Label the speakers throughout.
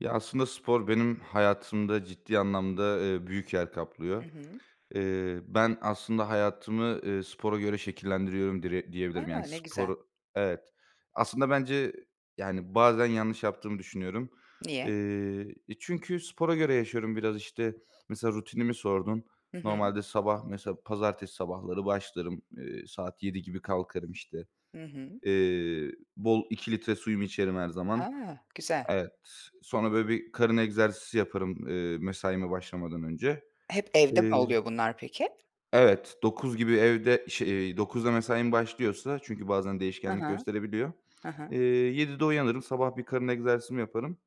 Speaker 1: Ya, aslında spor benim hayatımda ciddi anlamda, eee, büyük yer
Speaker 2: Hı
Speaker 1: kaplıyor.
Speaker 2: hı.
Speaker 1: Eee, ben aslında hayatımı, eee, spora göre şekillendiriyorum dire diyebilirim, yani,
Speaker 2: A! Ne güzel.
Speaker 1: spor Evet. Aslında bence, yani, bazen yanlış yaptığımı düşünüyorum,
Speaker 2: Niye?
Speaker 1: eee E, çünkü spora göre yaşıyorum biraz, işte, mesela rutinimi sordun.
Speaker 2: Hı hı.
Speaker 1: Normalde sabah mesela pazartesi sabahları başlarım, eee, saat 07.00 gibi kalkarım işte.
Speaker 2: Hı hı.
Speaker 1: Eee, bol 2 litre suyumu içerim her zaman.
Speaker 2: A! Güzel.
Speaker 1: Evet, sonra, böyle, bir karın egzersizi yaparım, eee, mesaime başlamadan önce,
Speaker 2: Hep evde
Speaker 1: eee
Speaker 2: mi oluyor bunlar peki?
Speaker 1: Evet, 09.00 gibi evde ş eee, 09.00'da mesaim başlıyorsa, çünkü bazen
Speaker 2: He he,
Speaker 1: değişkenlik gösterebiliyor,
Speaker 2: he he.
Speaker 1: eee, 07.00'de uyanırım. Sabah bir karın egzersizimi yaparım.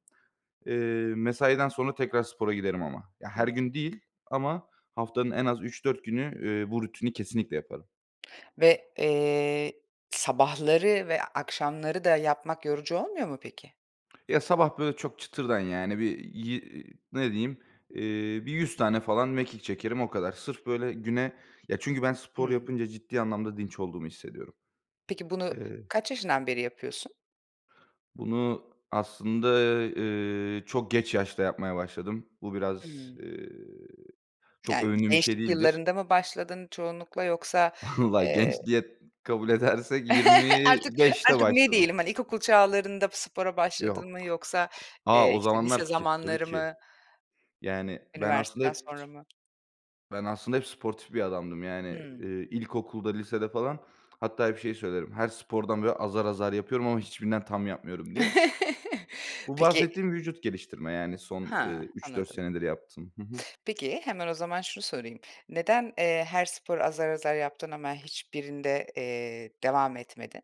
Speaker 1: Eee, mesaiden sonra tekrar spora giderim ama. Ya, her
Speaker 2: Hıı.
Speaker 1: gün değil ama haftanın en az 3-4 günü, eee, bu rutini kesinlikle yaparım.
Speaker 2: Ve, eee, sabahları ve akşamları da yapmak yorucu olmuyor mu peki?
Speaker 1: Ya, sabah, böyle, çok çıtırdan yani, bir ye ne diyeyim, eee, bir 100 tane falan mekik çekerim, o kadar. Sırf böyle güne Ya, çünkü ben spor
Speaker 2: Hımm.
Speaker 1: yapınca ciddi anlamda dinç olduğumu hissediyorum.
Speaker 2: Peki bunu
Speaker 1: Eee
Speaker 2: kaç yaşından beri yapıyorsun?
Speaker 1: Bunu aslında, eee, çok geç yaşta yapmaya başladım. Bu biraz,
Speaker 2: Hımm.
Speaker 1: eee, çok
Speaker 2: Yani,
Speaker 1: övündüğüm bir şey
Speaker 2: gençlik
Speaker 1: değildir.
Speaker 2: yıllarında mı başladın çoğunlukla? Yoksa,
Speaker 1: Vallahi
Speaker 2: eee
Speaker 1: genç diye kabul edersek yirmi
Speaker 2: Artık,
Speaker 1: beşte
Speaker 2: artık, ne
Speaker 1: başladım.
Speaker 2: diyelim, hani, ilkokul çağlarında spora başladın mı
Speaker 1: Yok.
Speaker 2: yoksa,
Speaker 1: A,
Speaker 2: eee,
Speaker 1: o
Speaker 2: işte, lise
Speaker 1: zamanlar ke tabii
Speaker 2: zamanları
Speaker 1: ki.
Speaker 2: mı?
Speaker 1: Yani, ben aslında
Speaker 2: Üniversiteden
Speaker 1: hep
Speaker 2: sonra
Speaker 1: [unintelligible]
Speaker 2: mı?
Speaker 1: Ben aslında hep sportif bir adamdım, yani, eee,
Speaker 2: Hımm.
Speaker 1: ilkokulda lisede falan hatta hep şeyi söylerim: "Her spordan azar azar yapıyorum ama hiçbirinden tam yapmıyorum." diye. Bu
Speaker 2: Peki
Speaker 1: bahsettiğim vücut geliştirme, yani, son, eee,
Speaker 2: Ha,
Speaker 1: 3-4
Speaker 2: anladım.
Speaker 1: senedir yaptığım. Hı hı.
Speaker 2: Peki, hemen o zaman şunu sorayım neden, eee, her sporu azar azar yaptın ama hiçbirinde, eee, devam etmedin?